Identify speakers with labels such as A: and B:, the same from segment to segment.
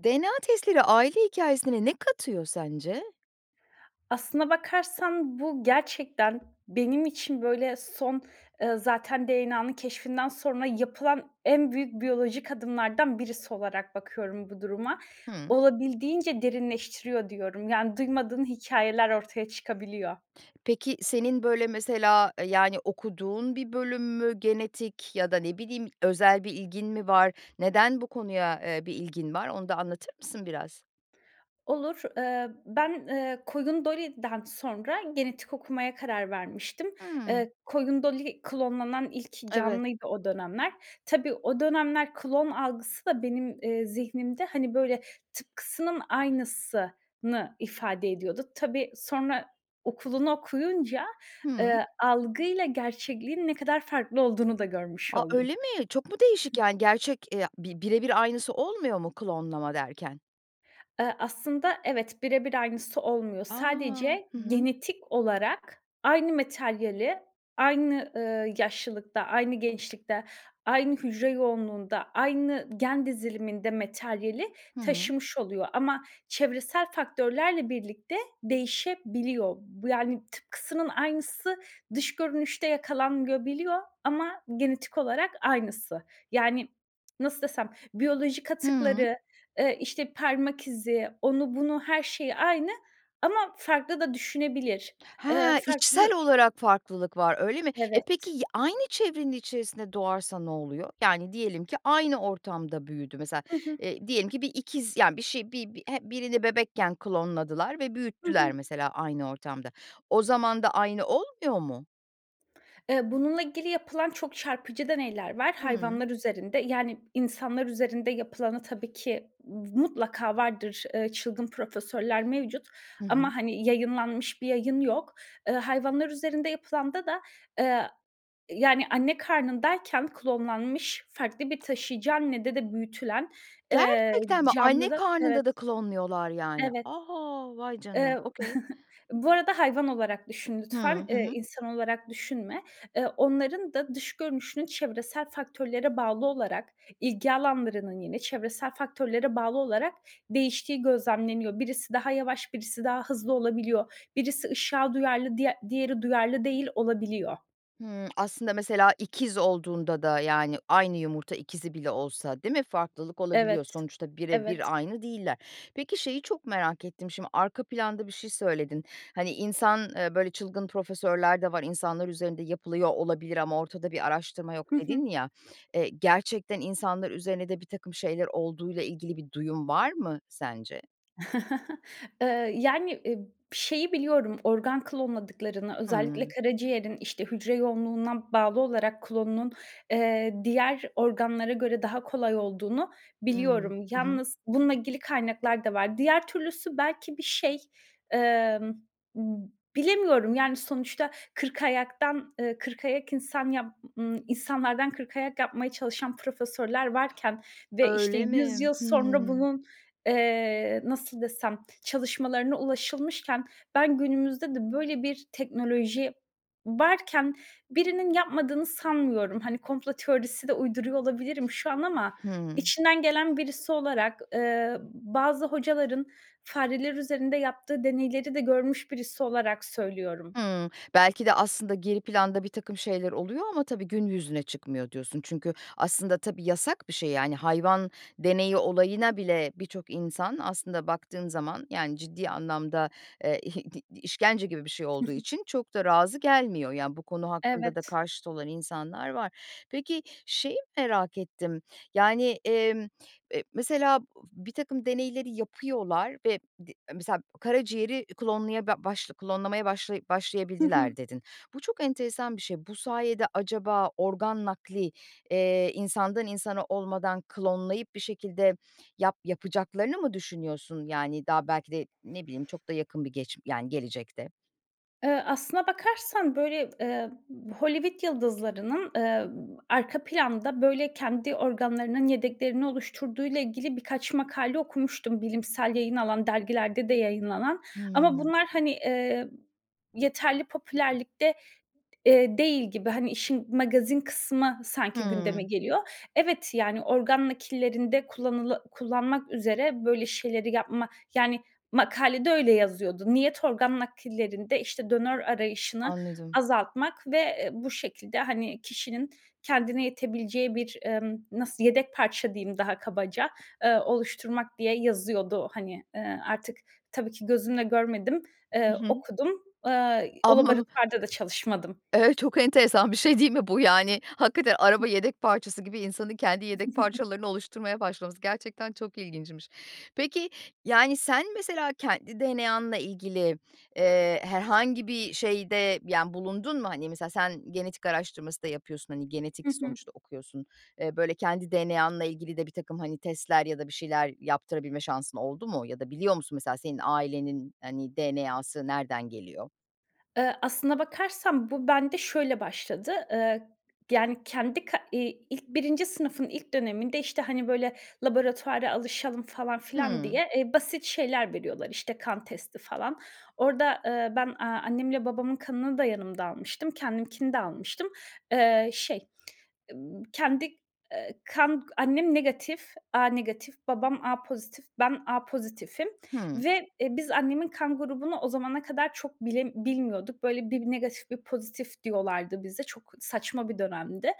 A: DNA testleri aile hikâyesine ne katıyor sence?
B: Aslına bakarsan, bu gerçekten benim için, böyle, son, ııı, zaten DNA'nın keşfinden sonra yapılan en büyük biyolojik adımlardan birisi olarak bakıyorum bu duruma.
A: Hımm.
B: Olabildiğince derinleştiriyor diyorum. Yani, duymadığın hikâyeler ortaya çıkabiliyor.
A: Peki, senin, böyle, mesela, eee, yani, okuduğun bir bölüm mü genetik ya da, ne bileyim, özel bir ilgin mi var neden bu konuya, eee, bir ilgin var onu da anlatır mısın biraz?
B: Olur. Eee, ben, eee, Koyun Dolly'den sonra genetik okumaya karar vermiştim.
A: Hımm.
B: Eee, Koyun Dolly klonlanan ilk
A: Evet.
B: canlıydı o dönemler. Tabii, o dönemler klon algısı da benim, eee, zihnimde hani böyle tıpkısının aynısını ifade ediyordu. Tabii, sonra okulunu okuyunca,
A: Hımm.
B: eee, algıyla gerçekliğin ne kadar farklı olduğunu da görmüş
A: A,
B: oldum.
A: öyle mi? Çok mu değişik, yani, gerçek, eee, bi bire bir aynısı olmuyor mu klonlama derken?
B: Eee, aslında evet, bire bir aynısı olmuyor.
A: A!
B: Sadece
A: Hı hı.
B: genetik olarak aynı materyali aynı, ııı, yaşlılıkta, aynı gençlikte, aynı hücre yoğunluğunda, aynı gen diziliminde materyali
A: Hı hı.
B: taşımış oluyor ama çevresel faktörlerle birlikte değişebiliyor. Bu yani, tıpkısının aynısı dış görünüşte yakalanmayabiliyor ama genetik olarak aynısı. Yani, nasıl desem, biyolojik
A: Hıı.
B: atıkları, eee, işte, parmak izi, onu, bunu, her şeyi aynı ama farklı da düşünebilir. Eee,
A: Ha! İçsel
B: farklı
A: olarak farklılık var, öyle mi? E, peki,
B: Evet.
A: ya aynı çevrenin içerisinde doğarsa ne oluyor? Yani, diyelim ki aynı ortamda büyüdü mesela,
B: Hı hı.
A: eee, diyelim ki bir ikiz, yani, bir şey, bi bi h birini bebekken klonladılar ve
B: Hı
A: büyüttüler
B: hı.
A: mesela aynı ortamda. O zaman da aynı olmuyor mu?
B: Eee, bununla ilgili yapılan çok çarpıcı deneyler var.
A: Hımm.
B: Hayvanlar üzerinde yani insanlar üzerinde yapılanı tabii ki mutlaka vardır, eee, çılgın profesörler mevcut
A: Hı
B: ama,
A: hı.
B: hani, yayınlanmış bir yayın yok. Eee, hayvanlar üzerinde yapılanda da, eee, yani, anne karnındayken klonlanmış, farklı bir taşıyıcı anne de de büyütülen, eee,
A: Gerçekten mi? Anne
B: canlıda
A: karnında da
B: Evet.
A: klonluyorlar, yani.
B: Evet.
A: A! vay canına,
B: Eee,
A: okay.
B: bu arada hayvan olarak düşün
A: Hıı,
B: lütfen,
A: hı
B: eee,
A: hı.
B: insan olarak düşünme. Eee, onların da dış görünüşünün çevresel faktörlere bağlı olarak ilgi alanlarının yine çevresel faktörlere bağlı olarak değiştiği gözlemleniyor. Birisi daha yavaş, birisi daha hızlı olabiliyor. Birisi ışığa duyarlı, diğer diğeri duyarlı değil olabiliyor.
A: Hımm. Aslında mesela ikiz olduğunda da, yani, aynı yumurta ikizi bile olsa değil mi, farklılık
B: Evet.
A: olabiliyor. Sonuçta
B: Evet.
A: birebir aynı değiller. Peki, şeyi çok merak ettim şimdi, arka planda bir şey söyledin. Hani, insan, eee, böyle çılgın profesörler de var. "İnsanlar üzerinde yapılıyor olabilir ama ortada bir araştırma yok."
B: Hı hı.
A: dedin ya, eee, gerçekten insanlar üzerinde de birtakım şeyler olduğuyla ilgili bir duyum var mı sence?
B: Eee, yani, ııı, şeyi biliyorum organ klonladıklarını, özellikle
A: Hımm.
B: karaciğerin, işte, hücre yoğunluğuna bağlı olarak klonunun, eee, diğer organlara göre daha kolay olduğunu
A: Hımm.
B: biliyorum.
A: Hı hı.
B: Yalnız bununla ilgili kaynaklar da var. Diğer türlüsü belki bir şey, emm, ıb bilemiyorum, yani, sonuçta kırkayaktan, eee, kırkayak insan yap ııı, insanlardan kırkayak yapmaya çalışan profesörler varken ve, işte,
A: Öyle
B: yüz
A: mi?
B: yıl sonra
A: Hıı.
B: bunun, eee, nasıl desem, çalışmalarına ulaşılmışken ben günümüzde de böyle bir teknoloji varken birinin yapmadığını sanmıyorum. Hani, komplo teorisi de uyduruyor olabilirim şu an ama
A: Hımm.
B: içinden gelen birisi olarak, eee, bazı hocaların fareler üzerinde yaptığı deneyleri de görmüş birisi olarak söylüyorum.
A: Hımm. Belki de aslında geri planda birtakım şeyler oluyor ama tabii gün yüzüne çıkmıyor, diyorsun. Çünkü aslında tabii, yasak bir şey. Yani, hayvan deneyi olayına bile birçok insan aslında baktığın zaman, yani, ciddi anlamda, eee, ih di işkence gibi bir şey
B: Hı
A: olduğu
B: hı.
A: için çok da razı gelmiyor. Ya, bu konu hakkında da
B: Evet.
A: karşıt olan insanlar var. Peki, şeyi merak ettim, yani, emm, eee, mesela, bu birtakım deneyleri yapıyorlar ve di mesela, "Karaciğeri klonlaya ba baş klonlamaya başlaya
B: Hı
A: başlayabildiler."
B: hı.
A: dedin. Bu çok enteresan bir şey. Bu sayede, acaba, organ nakli, eee, insandan insana olmadan klonlayıp bir şekilde yap yapacaklarını mı düşünüyorsun? Yani, daha belki de, ne bileyim, çok da yakın bir geç yani, gelecekte.
B: Eee, aslına bakarsan, böyle, eee, Hollywood yıldızlarının, eee, arka planda, böyle, kendi organlarının yedeklerini oluşturduğuyla ilgili birkaç makale okumuştum, bilimsel yayın alan, dergilerde de yayınlanan. Ama
A: Hıı.
B: bunlar, hani, eee, yeterli popülerlikte, eee, değil gibi. Hani, işin magazin kısmı sanki gündeme
A: Hıı.
B: geliyor. Evet, yani, organ nakillerinde kullanıla kullanmak üzere böyle şeyleri yapma Yani, makalede öyle yazıyordu. Niyet organ nakillerinde, işte, donör arayışını
A: Anladım.
B: azaltmak ve, eee, bu şekilde, hani, kişinin kendine yetebileceği bir, emm, nasıl yedek parça diyeyim daha kabaca, eee, oluşturmak diye yazıyordu, hani, eee, artık tabii ki gözümle görmedim, eee,
A: Hı hı.
B: okudum. Eee, o
A: Ama
B: laboratuvarda da çalışmadım.
A: Evet, çok enteresan bir şey değil mi bu, yani, hakikaten araba yedek parçası gibi insanın kendi yedek parçalarını oluşturmaya başlaması gerçekten çok ilginçmiş. Peki, yani, sen mesela kendi DNA'nla ilgili, eee, herhangi bir şeyde, yani, bulundun mu? Hani, mesela sen genetik araştırması da yapıyorsun, hani,
B: Hı
A: genetik
B: hı.
A: sonuçta okuyorsun, eee, böyle, kendi DNA'nla ilgili de birtakım, hani, testler ya da bir şeyler yaptırabilme şansın oldu mu? Ya da biliyor musun mesela senin ailenin, hani, DNA'sı nereden geliyor?
B: Iıı, aslında bakarsan bu bende şöyle başladı. Eee, yani, kendi ka iii, ilk 1. sınıfın ilk döneminde, işte, hani, böyle, laboratuvara alışalım falan filan
A: Hıı.
B: diye, eee, basit şeyler veriyorlar, işte, kan testi falan. Orada, ııı, ben, aaa, annemle babamın kanını da yanımda almıştım. Kendimkini de almıştım. Iıı, şey, ımm, kendi, eee, kan Annem negatif, A negatif, babam A pozitif, ben A pozitifim
A: Hıı.
B: ve, eee, biz annemin kan grubunu o zamana kadar çok bile bilmiyorduk. Böyle, bir negatif, bir pozitif diyorlardı bize. Çok saçma bir dönemdi,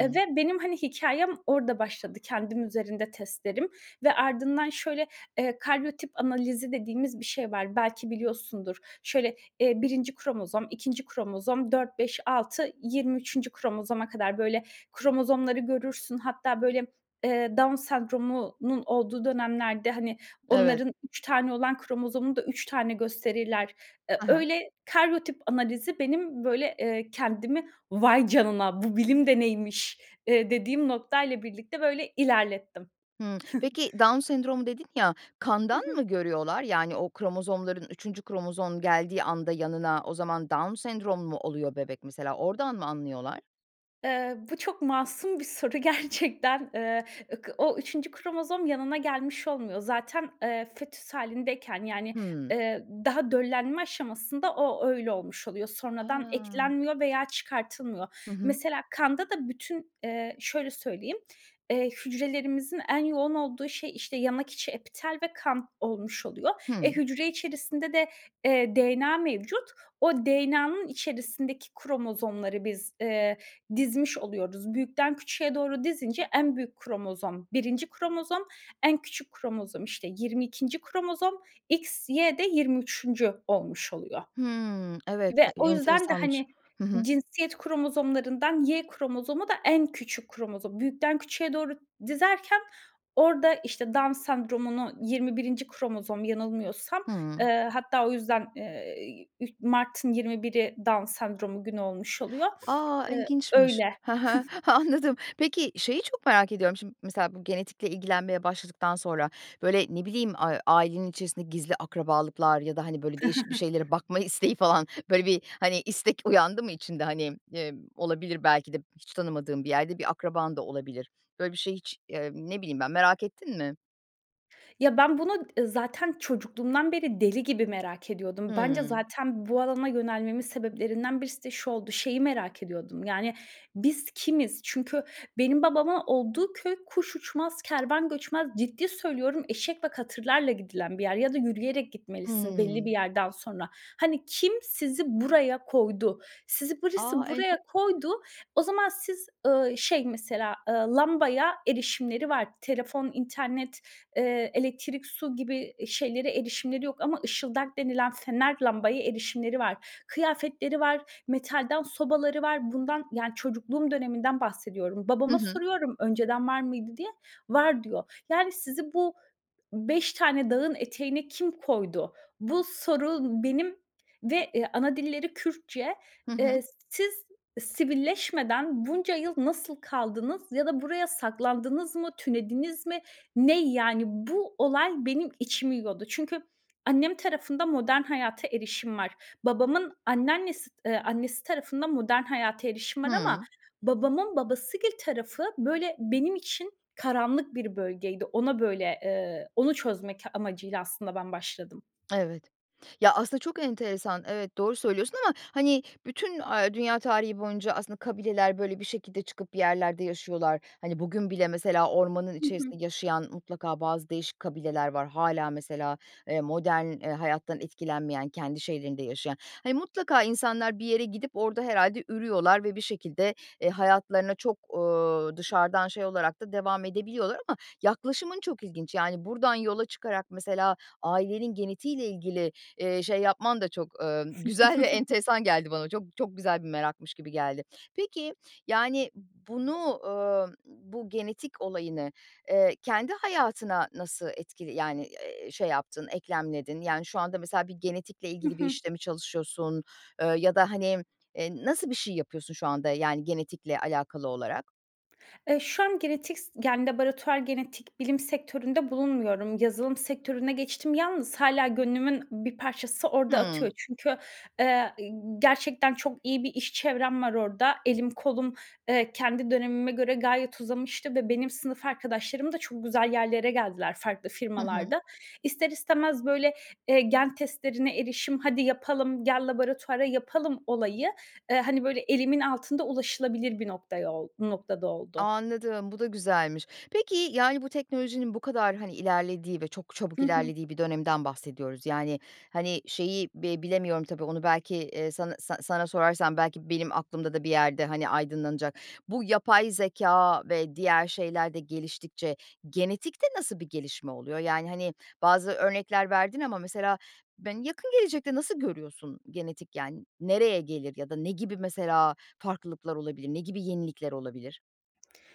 B: eee, ve benim, hani, hikâyem orada başladı. Kendim üzerinde testlerim ve ardından şöyle, eee, karyotip analizi dediğimiz bir şey var, belki biliyorsundur. Şöyle, eee, 1. kromozom, 2. kromozom, 4-5-6, 23. kromozoma kadar, böyle, kromozomları görürsün. Hatta, böyle, eee, Down Sendromu'nun olduğu dönemlerde, hani,
A: Evet.
B: onların 3 tane olan kromozomunu da 3 tane gösterirler. Eee,
A: Hı hı.
B: öyle karyotip analizi benim, böyle, ııı, kendimi vay canına, bu bilim de neymiş, eee, dediğim noktayla birlikte, böyle, ilerlettim.
A: Hıı. Peki, Down sendromu, dedin ya, kandan
B: Hı hı.
A: mı görüyorlar? Yani, o kromozomların 3. kromozom geldiği anda yanına, o zaman Down sendromu mu oluyor bebek, mesela, oradan mı anlıyorlar?
B: Iıı, bu çok masum bir soru gerçekten, ııı, ık o 3. kromozom yanına gelmiş olmuyor. Zaten, ııı, fetüs hâlindeyken, yani,
A: Hımm.
B: ııı, daha döllenme aşamasında o öyle olmuş oluyor. Sonradan
A: A!
B: eklenmiyor veya
A: Hı
B: çıkartılmıyor.
A: hı.
B: Mesela, kanda da bütün, ııı, şöyle söyleyeyim, ııı, hücrelerimizin en yoğun olduğu şey, işte, yanak içi, epitel ve kan olmuş oluyor. Eee,
A: Hı.
B: hücre içerisinde de, eee, DNA mevcut. O DNA'nın içerisindeki kromozomları biz, ııı, dizmiş oluyoruz. Büyükten küçüğe doğru dizince en büyük kromozom 1. kromozom, en küçük kromozom, işte, 22. kromozom, XY de 23. olmuş oluyor.
A: Hımm. Evet,
B: Ve
A: [unintelligible]
B: o yüzden de,
A: enteresanmış.
B: hani,
A: Hı hı.
B: cinsiyet kromozomlarından Y kromozomu da en küçük kromozom. Büyükten küçüğe doğru dizerken orada, işte, Down Sendromu’nu 21. kromozom, yanılmıyorsam,
A: Hımm.
B: ııı, hatta o yüzden, eee, [unintelligible] Mart'ın 21'i Down Sendromu Günü olmuş oluyor,
A: A!
B: ııı,
A: İlginçmiş.
B: öyle.
A: Ha ha. Anladım. Peki, şeyi çok merak ediyorum, şimdi mesela bu genetikle ilgilenmeye başladıktan sonra, böyle, ne bileyim, a ailenin içerisinde gizli akrabalıklar ya da, hani, böyle, değişik bir şeylere bakma isteği falan, böyle bir, hani, istek uyandı mı içinde? Hani, ııı, olabilir belki de hiç tanımadığın bir yerde bir akraban da olabilir. Böyle bir şeyi hiç, eee, ne bileyim ben, merak ettin mi?
B: Ya, ben bunu zaten çocukluğumdan beri deli gibi merak ediyordum. Bence
A: Hıı.
B: zaten bu alana yönelmemin sebeplerinden birisi de şu oldu. Şeyi merak ediyordum. Yani, biz kimiz? Çünkü benim babama olduğu köy kuş uçmaz, kervan göçmez. Ciddi söylüyorum, eşek ve katırlarla gidilen bir yer ya da yürüyerek gitmelisin belli
A: Hıı.
B: bir yerden sonra. Hani, kim sizi buraya koydu. Sizi birisi
A: A! Ente
B: buraya koydu. O zaman siz, ııı, şey, mesela, ııı, lambaya erişimleri var. Telefon, internet, eee, elektrik, su gibi şeylere erişimleri yok ama ışıldak denilen fener lambaya erişimleri var. Kıyafetleri var, metalden sobaları var. Bundan, yani, çocukluğum döneminden bahsediyorum.
A: Hı
B: Babama
A: hı.
B: soruyorum önceden var mıydı diye, var diyor. Yani, sizi bu 5 tane dağın eteğine kim koydu? Bu soru benim ve, eee, anadilleri Kürtçe,
A: Hı hı.
B: eee, siz sivilleşmeden bunca yıl nasıl kaldınız ya da buraya saklandınız mı? Tünediniz mi? Ne, yani, bu olay benim içimi yiyordu. Çünkü annem tarafında modern hayata erişim var. Babamın anneannesi eee, annesi tarafında modern hayata erişim var ama
A: Hıı.
B: babamın babasıgil tarafı, böyle, benim için karanlık bir bölgeydi. Ona böyle eee, onu çözmek amacıyla aslında ben başladım.
A: Evet. Ya, aslında çok enteresan evet, doğru söylüyorsun ama, hani, bütün, aaa, dünya tarihi boyunca aslında kabileler, böyle, bir şekilde çıkıp yerlerde yaşıyorlar. Hani, bugün bile mesela ormanın
B: Hı hı.
A: içerisinde yaşayan mutlaka bazı değişik kabileler var, hâlâ, mesela, eee, modern, eee, hayattan etkilenmeyen, kendi şeylerinde yaşayan. Hani, mutlaka insanlar bir yere gidip orada herhâlde ürüyorlar ve bir şekilde, eee, hayatlarına çok, ııı, dışarıdan şey olarak da devam edebiliyorlar. Ama yaklaşımın çok ilginç, yani, buradan yola çıkarak mesela ailenin genetiğiyle ilgili, eee, şey yapman da çok, ııı, güzel ve enteresan geldi bana çok çok güzel bir merakmış gibi geldi. Peki, yani, bunu, ııı, bu genetik olayını, eee, kendi hayatına nasıl etkili yani, eee, şey yaptın, eklemledin? Yani, şu anda, mesela, bir genetikle
B: Hı
A: ilgili bir
B: hı.
A: işte mi çalışıyorsun, eee, ya da, hani, eee, nasıl bir şey yapıyorsun şu anda, yani, genetikle alakalı olarak?
B: Eee, şu an genetik s yani, laboratuvar genetik bilim sektöründe bulunmuyorum. Yazılım sektörüne geçtim. Yalnız hâlâ gönlümün bir parçası orada atıyor.
A: Hıı.
B: Çünkü, eee, ııı, gerçekten çok iyi bir iş çevrem var orada. Elim, kolum, eee, kendi dönemime göre gayet uzamıştı ve benim sınıf arkadaşlarım da çok güzel yerlere geldiler farklı
A: Hı hı.
B: firmalarda. İster istemez böyle, eee, gen testlerine erişim, "Hadi yapalım, gel laboratuvara yapalım." olayı, eee, hani, böyle elimin altında ulaşılabilir bir noktaya ol noktada oldu.
A: Anladım, bu da güzelmiş. Peki, yani, bu teknolojinin bu kadar, hani, ilerlediği ve çok çabuk
B: Hı hı.
A: ilerlediği bir dönemden bahsediyoruz. Yani, hani, şeyi bi bilemiyorum tabii onu belki, eee, sana sa sana sorarsam belki benim aklımda da bir yerde, hani, aydınlanacak. Bu yapay zekâ ve diğer şeyler de geliştikçe genetikte nasıl bir gelişme oluyor? Yani, hani, bazı örnekler verdin ama mesela ben yakın gelecekte nasıl görüyorsun genetik yan nereye gelir ya da ne gibi mesela farklılıklar olabilir? Ne gibi yenilikler olabilir?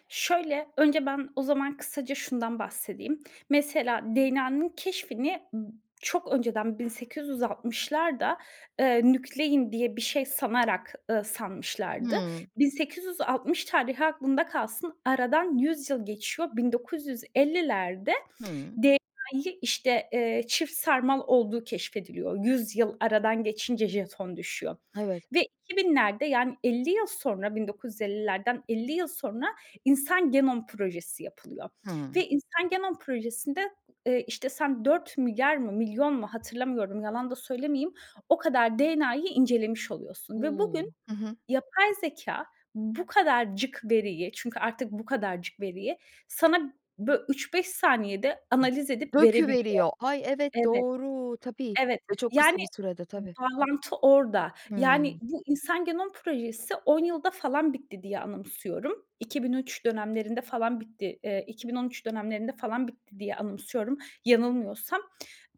B: Şöyle, önce ben o zaman kısaca şundan bahsedeyim. Mesela DNA'nın keşfini b çok önceden 1860'larda, eee, nüklein diye bir şey sanarak, ııı, sanmışlardı.
A: Hıı.
B: 1860 tarihi aklında kalsın, aradan 100 yıl geçiyor. 1950'lerde
A: Hıı.
B: DNA'yı, işte, eee, çift sarmal olduğu keşfediliyor. 100 yıl aradan geçince jeton düşüyor.
A: Evet.
B: Ve 2000'lerde, yani, 50 yıl sonra, 1950'lerden 50 yıl sonra insan genom projesi yapılıyor.
A: Hıı.
B: Ve insan genom projesinde, eee, işte, sen 4 milyar mı, milyon mu hatırlamıyorum yalan da söylemeyeyim o kadar DNA'yı incelemiş oluyorsun. Ve
A: U!
B: bugün
A: Hı hı.
B: yapay zekâ bu kadarcık veriyi, çünkü artık bu kadarcık veriyi sana bö 3-5 saniyede analiz edip verebiliyor.
A: Döküveriyor. Ay evet,
B: Evet.
A: doğru. Tabii.
B: Evet.
A: Ve çok
B: Yani,
A: kısa bir sürede, tabii.
B: bağlantı orada.
A: Hıı.
B: Yani, bu insan genom projesi 10 yılda falan bitti diye anımsıyorum. 2003 dönemlerinde falan bitti, eee, 2013 dönemlerinde falan bitti diye anımsıyorum, yanılmıyorsam.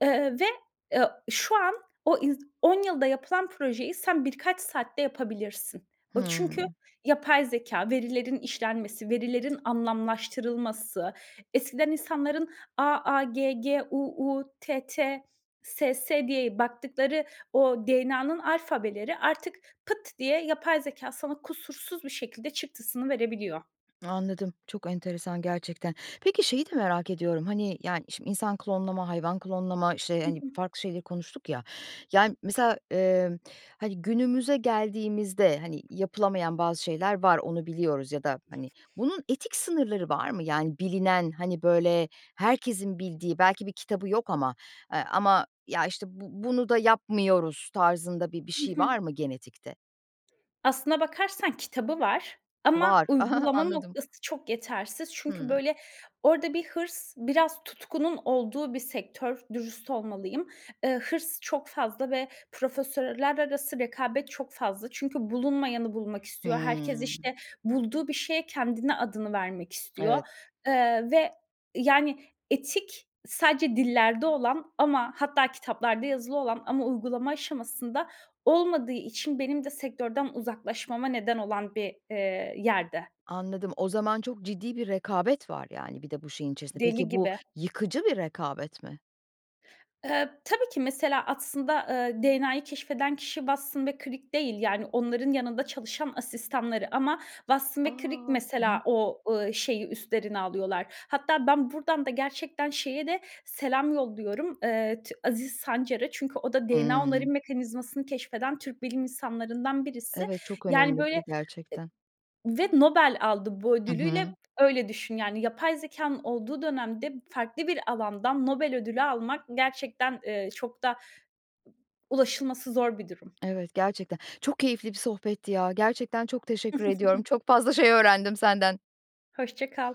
B: Eee, ve, eee, şu an o ins 10 yılda yapılan projeyi sen birkaç saatte yapabilirsin. O,
A: Hıı.
B: çünkü yapay zekâ, verilerin işlenmesi, verilerin anlamlaştırılması eskiden insanların "AAGGUUTTSS" diye baktıkları o DNA'nın alfabeleri artık pıt diye yapay zekâ sana kusursuz bir şekilde çıktısını verebiliyor.
A: Anladım, çok enteresan gerçekten. Peki, şeyi de merak ediyorum, hani, yani, şimdi insan klonlama, hayvan klonlama, işte,
B: Hı
A: hani,
B: hı.
A: farklı şeyleri konuştuk ya. Yani, mesela, eee, hani, günümüze geldiğimizde, hani, yapılamayan bazı şeyler var, onu biliyoruz ya da, hani, bunun etik sınırları var mı? Yani, bilinen, hani, böyle herkesin bildiği belki bir kitabı yok ama, eee, ama ya, işte, bu bunu da yapmıyoruz tarzında bir bir
B: Hı
A: şey
B: hı.
A: var mı genetikte?
B: Aslına bakarsan kitabı var ama
A: Var.
B: uygulama
A: Anladım.
B: noktası çok yetersiz. Çünkü,
A: Hımm.
B: böyle, orada bir hırs biraz tutkunun olduğu bir sektör, dürüst olmalıyım. Iıı, hırs çok fazla ve profesörler arası rekabet çok fazla. Çünkü bulunmayanı bulmak istiyor, herkes,
A: Hımm.
B: işte, bulduğu bir şeye kendini, adını vermek
A: Evet.
B: istiyor, ııı, ve, yani, etik sadece dillerde olan ama hatta kitaplarda yazılı olan ama uygulama aşamasında olmadığı için benim de sektörden uzaklaşmama neden olan bir, eee, yerde.
A: Anladım. O zaman çok ciddi bir rekabet var, yani, bir de bu şeyin içerisinde.
B: Deli
A: Peki, bu
B: gibi.
A: yıkıcı bir rekabet mi?
B: Tabii ki. Mesela, aslında DNA'yı keşfeden kişi Watson ve Crick değil, yani, onların yanında çalışan asistanları ama Watson
A: A!
B: ve Crick
A: Hı
B: mesela
A: hı.
B: o, ııı, şeyi üstlerine alıyorlar. Hatta ben buradan da gerçekten şeye de selam yolluyorum, ııı, T Aziz Sancar'a. Çünkü o da DNA onarım
A: Hımm.
B: mekanizmasını keşfeden Türk bilim insanlarından birisi.
A: Evet, çok
B: Yani,
A: önemli
B: böyle,
A: biri gerçekten.
B: ı ve Nobel aldı bu
A: Hı
B: ödülüyle,
A: hı.
B: öyle düşün, yani. Yapay zekanın olduğu dönemde farklı bir alandan Nobel ödülü almak gerçekten, eee, çok da ulaşılması zor bir durum.
A: Evet, gerçekten. Çok keyifli bir sohbetti ya, gerçekten çok teşekkür ediyorum. Çok fazla şey öğrendim senden.
B: Hoşça kal.